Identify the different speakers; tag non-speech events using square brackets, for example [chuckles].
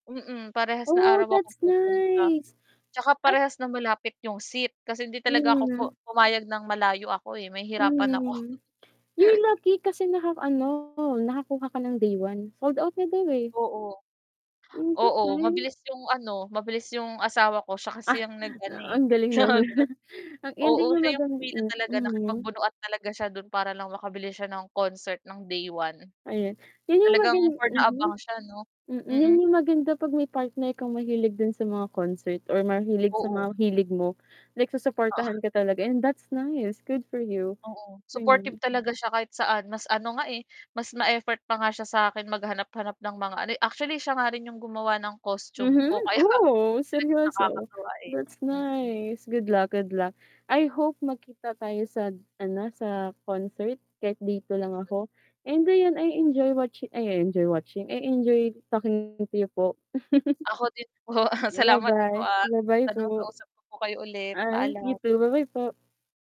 Speaker 1: Mm, parehas na
Speaker 2: Oh
Speaker 1: araw ako
Speaker 2: that's
Speaker 1: pupunta,
Speaker 2: nice,
Speaker 1: tsaka
Speaker 2: at
Speaker 1: parehas na malapit yung seat kasi hindi talaga ako pu
Speaker 2: Mhm.
Speaker 1: pumayag ng malayo ako eh, mahihirapan ako.
Speaker 2: Hmm, yung
Speaker 1: [laughs]
Speaker 2: lagi kasi naka ano, nakakuha ka ng day 1? Sold out na daw eh.
Speaker 1: Oo.
Speaker 2: Hmm, that's
Speaker 1: Oo,
Speaker 2: nice.
Speaker 1: mabilis yung ano, mabilis yung asawa ko siya kasi
Speaker 2: Ah,
Speaker 1: yung nag-ano eh,
Speaker 2: ang galing naman
Speaker 1: chat
Speaker 2: ang
Speaker 1: Oo,
Speaker 2: ending yung
Speaker 1: siya yung
Speaker 2: magan
Speaker 1: pumila
Speaker 2: hmm,
Speaker 1: talaga,
Speaker 2: mhm.
Speaker 1: nakipagbunuan talaga siya do'n para lang makabilis siya ng concert ng day 1.
Speaker 2: Ayun, yun yung
Speaker 1: Talagang
Speaker 2: magan
Speaker 1: for the
Speaker 2: mhm.
Speaker 1: abang siya 'no,
Speaker 2: Yun
Speaker 1: mm.
Speaker 2: yung maganda pag may partner kang mahilig din sa mga concert or mahilig sa
Speaker 1: Oo.
Speaker 2: mga hilig mo, like susuportahan
Speaker 1: Oo.
Speaker 2: ka talaga and that's nice, good for you.
Speaker 1: Oo, supportive talaga siya kahit saan, mas ano nga eh, mas ma-effort pa nga siya sakin maghanap-hanap ng mga ano eh actually siya nga rin yung gumawa ng costume
Speaker 2: Mhm,
Speaker 1: ko kaya
Speaker 2: oh
Speaker 1: talagang
Speaker 2: seryoso,
Speaker 1: nakakatuwa eh,
Speaker 2: that's
Speaker 1: mm.
Speaker 2: nice, good luck, good luck. I hope magkita tayo sa ano, sa concert kahit day 2 lang ako. And ayun, I enjoy watching ay I enjoy watching, I enjoy talking to you po. [chuckles]
Speaker 1: Ako din po, salamat po,
Speaker 2: Ba-bye,
Speaker 1: ah,
Speaker 2: ba-bye
Speaker 1: sana
Speaker 2: po.
Speaker 1: makausap ko po kayo ulit,
Speaker 2: Ah, you
Speaker 1: paalam.
Speaker 2: too, ba-bye po.